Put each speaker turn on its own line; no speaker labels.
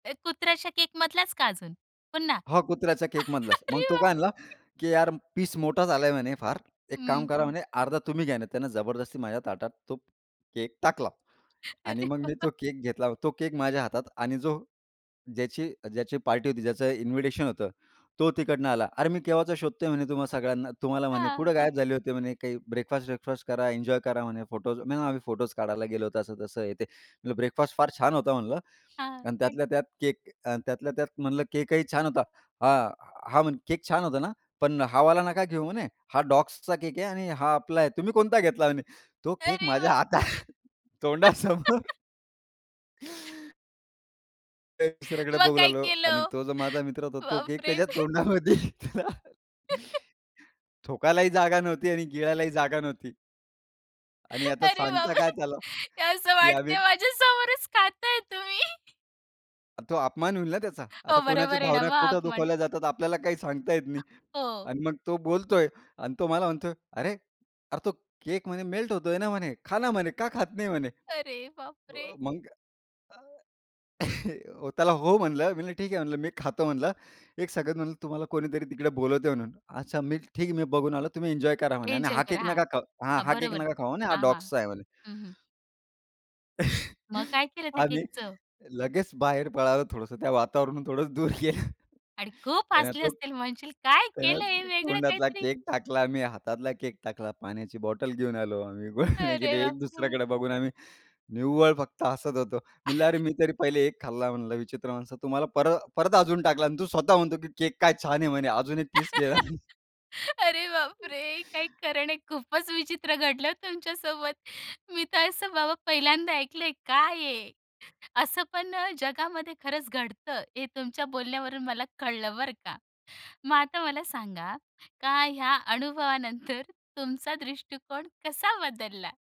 अ, कुत्र्याच्या केकमधलाच का अजून, पुन्हा?
हो, कुत्र्याच्या केकमधलाच. मग
अरे,
तो काय
बापरे!
म्हणला, की "यार, पीस मोठाच झाला आहे," म्हणे, "फार, एक काम
हं,
करा,"
हं.
म्हणे, "अर्धा तुम्ही घ्या ना." त्यानं जबरदस्ती माझ्या ताटात तो केक टाकला आणि
अरे
मग मी
बा
तो केक घेतला. तो केक माझ्या हातात आणि जो ज्याची ज्याची पार्टी होती, ज्याचं इन्व्हिटेशन होतं, तो तिकडनं आला. "अरे, मी केव्हाचा शोधतोय," म्हणे, "तुम्हा सगळ्यांना तुम्हाला," म्हणे,
हां,
"कुठे गायब
हां.
झाले होते," म्हणे, "काही ब्रेकफास्ट-वेकफास्ट करा, एन्जॉय करा," म्हणे, "फोटोज" नाही म्हणे, "आम्ही फोटोज काढायला गेलो होतो, असं-तसं हे ते." म्हटलं, ब्रेकफास्ट फार छान होता म्हटलं
हां,
आणि
अन
त्यातल्या त्यात केक आणि त्यातल्या त्यात म्हटलं, "केकही छान होता." हां, हा म्हणे, "केक छान होता ना? पण हा वाला नका घेऊ," म्हणे, "हा डॉग्सचा केक आहे आणि हा आपला आहे." तुम्ही "कोणता घेतला?" म्हणे तो केक
अरे
माझ्या
बाप.
हातात तोंडासमोर एक दुसऱ्याकडे
मग
बघू
काय
लागलो
केलं
आणि
हो?
तो जो माझा मित्र होता, तो केक
बापरे.
त्याच्या तोंडामध्ये होता. थूकायलाही जागा नव्हती आणि गिळलाही जागा नव्हती. आणि आता
अरे
सांगता
बाबा
काय
रे!
त्याला,
हे असं
की आम्ही
वाटतंय माझ्या समोरच खाताय तुम्ही.
तो अपमान होईल ना त्याचा,
हो,
आता कोणाच्या
बरोबर आहे ना,
भावना
मग
कुठं
अपमान.
दुखावल्या जातात, आपल्याला काही सांगता येत नाही
हो.
आणि मग तो बोलतोय आणि तो मला म्हणतोय, "अरे, अरे, तो केक म्हणे मेल्ट होतोय ना," म्हणे, "खा," म्हणे, "का खात नाही," म्हणे?
अरे,
अ,
बापरे!
मग अ, त्याला "हो," म्हणलं मी. म्हणलं, "ठीक आहे," म्हणलं, "मी खातो," म्हणलं, एक [unintelligible] म्हणलं, "तुम्हाला कोणीतरी तिकडे बोलवते म्हणून." "अच्छा, मी ठीक आहे, मी बघून आलो. तुम्ही एन्जॉय करा," म्हणे आणि
एन्जॉय
"हा
करा,
केक
हां.
नका खाऊ" हां,
हां,
"हा केक
बरोबर.
नका खाऊ," म्हणे, "हा
हां, हां.
डॉग्सचा आहे," म्हणे.
हं, हं. मग काय केलं त्या
आम्ही
केकचं?
लगेच बाहेर पळालो. थोडंसं त्या वातावरणापासून थोडंसं दूर गेलो,
आणि खूप
त्यानं
हसले
तो
असतील, म्हणशील, काय
त्यानं
केलं हे वेगळं
तोंडातला
काहीतरी.
केक टाकला, मी हातातला केक टाकला. पाण्याची बॉटल घेऊन आलो. आम्ही गुळणे
अरे
केले.
बापरे!
एक-दुसऱ्याकडे बघून आम्ही निव्वळ फक्त हसत होतो. म्हणलं, "अरे, मी तरी पहिले 1 खाल्ला," म्हणलं, "विचित्र माणसा, तु मला पर अ, परत अजून टाकला आणि तू स्वतः म्हणतो, की केक काय छान आहे," म्हणे, "अजून 1 पीस घे ना," म्हणे.
अरे, बापरे! काही खरं नाही, खूपच विचित्र घडलं तुमच्यासोबत. मी तर असं बाबा पहिल्यांदा ऐकलंय. काय आहे असं पण जगामध्ये खरंच घडतं, हे तुमच्या बोलण्यावरून मला कळलं बरं का. मग आता मला सांगा का ह्या अनुभवानंतर तुमचा दृष्टिकोन कसा बदलला?